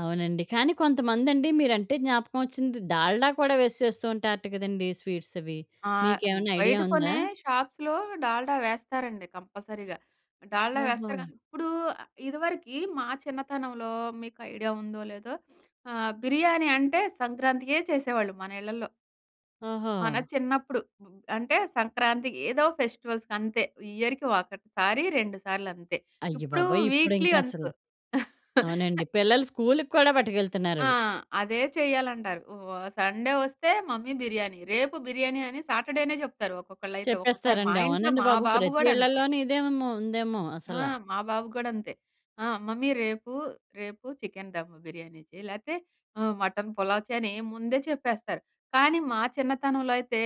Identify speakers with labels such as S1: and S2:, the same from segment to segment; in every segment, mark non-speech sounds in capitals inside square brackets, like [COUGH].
S1: అవునండి. కానీ, కొంతమందండి మీరంటే జ్ఞాపకం ఒచ్చింది. డాల్డా కూడా వేసి చేస్తూ ఉంటారట కదండీ స్వీట్సవి.
S2: ఆ! హ్మ్,
S1: మీకేవన్నా ఐడియా
S2: బయట
S1: ఉందా?
S2: కొనే షాప్స్‌లో డాల్డా వేస్తారండి కంపసరిగా. డాల్డా వేస్తారు
S1: ఓహో!
S2: గానీ ఇప్పుడూ ఆహ్, ఇదవరికి మా చిన్నతనంలో మీకు ఐడియా ఉందో లేదో [SNIFFS] ఆహ్, బిర్యానీ అంటే, సంక్రాంతికే చేసేవాళ్ళు మన ఇళ్లల్లో.
S1: ఓహో!
S2: మన చిన్నప్పుడు. అంటే, సంక్రాంతి, ఏదో ఫెస్టివల్స్‌కంతే. ఇయర్‌కి ఒకటి సారి, 2 సార్లంతే. ఇప్పుడూ
S1: అయ్యబాబోయ్!
S2: వీక్లీ
S1: ఇప్పుడింకసలు
S2: వన్స్.
S1: అవునండి.
S2: [CHUCKLES]
S1: పిల్లలు స్కూల్‌కు కూడా
S2: ఆ!
S1: పట్టుకెళ్తున్నారవి.
S2: అదే చెయ్యాలంటారు. వా సండే ఒస్తే "మమ్మీ బిర్యానీ." రేపు బిర్యానీ అని సాటర్డేనే చెప్తారు ఒక్కొక్కళ్లైతే. ఒక్కోసారి మా
S1: చెప్పేస్తారండి.
S2: ఇంట్లో
S1: అవునండి
S2: మా
S1: బాబు.
S2: బాబు
S1: ప్రతి
S2: గోడంతే.
S1: ఇళ్ళలోనీ ఇదే ఏమో, ఉందేమో
S2: ఆ!
S1: అసలా.
S2: మా బాబు గోడంతే. ఆహ్, "మమ్మీ రేపు, రేపు చికెన్ దము బిర్యానీ చెయి, లేతే ఆహ్, మటన్ పులావ్" చెయని ముందే చెప్పేస్తారు. కానీ, మా చిన్నతనంలో అయితే,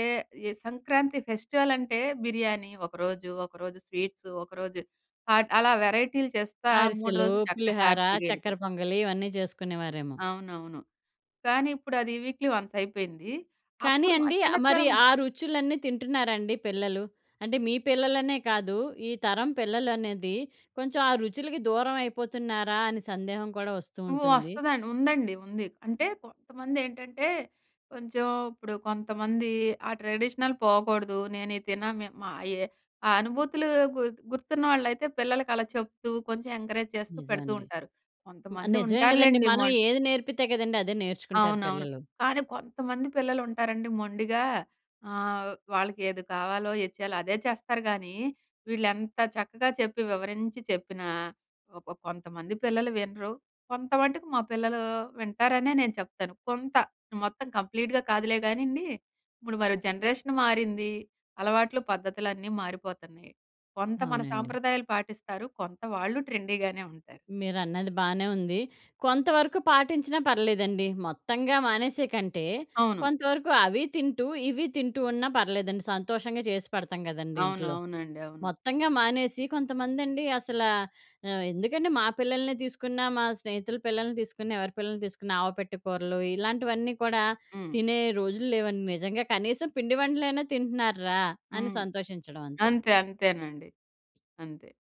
S2: ఈ సంక్రాంతి ఫెస్టివలంటే, బిర్యానీ ఒకరోజు, ఒకరోజు స్వీట్సు, ఒకరోజు హాట్, అలా వెరైటీలు చేస్తా 3
S1: అరిసెలు,
S2: రోజులు చక్కగా
S1: పులిహోర,
S2: హ్యాపీగా
S1: చక్కెర
S2: యెళ్ళిపోయింది.
S1: పొంగలి ఇవన్నీ చేసుకునేవారేమో.
S2: అవునవును. కానీ, ఇప్పుడది వీక్లీ వన్సయిపోయింది.
S1: కానీ
S2: అప్పుడు మా
S1: అండీ, ఆహ్, మరి
S2: చిన్నతనంలో
S1: ఆ రుచులన్నీ తింటున్నారా అండి పిల్లలు? అంటే, మీ పిల్లలనే కాదు, ఈ తరం పిల్లలు అనేది కొంచుం ఆ రుచులుకి దూరవైపోతున్నారా అని సందేహం కూడా ఒస్తూ
S2: హ్మ్.
S1: ఉంటుంది.
S2: వస్తుందండి. ఉందండి. ఉంది. అంటే, కొంతమందేంటంటే, కొంచం ఇప్పుడు కొంతమందీ ఆ ట్రెడిషనల్ పోకోడదు. నేనీ తినా మే మా ఏ ఆ అనుభూతులూ గు గుర్తున్న వాళ్ళైతే పిల్లలకలా చెప్తూ, కొంచం ఎంకరేజ్ చేస్తూ పెడుతూ
S1: నిజమండి.
S2: ఉంటారు.
S1: మ
S2: కొంతమంది
S1: నిజమే గదండీ.
S2: ఉంటారులెండి మొ
S1: మనం ఏది నేర్పితే కదండీ అదే నేర్చుకుంటారు
S2: అవునవును.
S1: పిల్లలు.
S2: కానీ, కొంతమంది పిల్లలు ఉంటారండి మొండిగా ఆహ్, వాళ్ళకేది కావాలో ఏది చెయ్యాలో అదే చేస్తారు గానీ, వీళ్ళెంత చక్కగా చెప్పి వివరించి చెప్పినా, ఒక కొంతమంది పిల్లలు వినరు, కొంతవటుకు మా పిల్లలూ వింటారనే నేను చెప్తాను. కొంత. మొత్తం కంప్లీట్‌గా కాదులే గానీండి. ఇప్పుడు మరి జనరేషన్ మారింది. అలవాట్లు, పద్ధతులన్నీ మారిపోతన్నాయి. కొంత మన
S1: అవునండి.
S2: సాంప్రదాయాలు పాటిస్తారు, కొంత వాళ్ళు ట్రెండీగానే ఉంటారు.
S1: మీరన్నది బానే ఉంది. కొంతవరకు పాటించినా పర్లేదండి. మొత్తంగా మానేసే కంటే,
S2: అవును.
S1: కొంతవరకు అవీ తింటూ ఇవీ తింటూ ఉన్నా పర్లేదండి, సంతోషంగా చేసి పెడతాం గదండీ
S2: అవును.
S1: ఇంట్లో.
S2: అవునండి. అవును.
S1: మొత్తంగా మానేసి కొంతమందండి అసలా ఆహ్, ఎందుకండి, మా పిల్లల‌నే తీసుకున్నా, మా స్నేహితుల పిల్లల‌ని తీసుకున్నా, ఎవరి పిల్లల‌ని తీసుకున్నా, ఆవపెట్టె కూరలు, ఇలాంటివన్నీ కూడా
S2: హ్మ్.
S1: తినే రోజులు లేవండి నిజంగా. కనీసం పిండి వంటలైనా తింటున్నారు రా అని
S2: హ్మ్.
S1: సంతోషించడవంతే.
S2: అంతే. అంతేనండి. అంతే.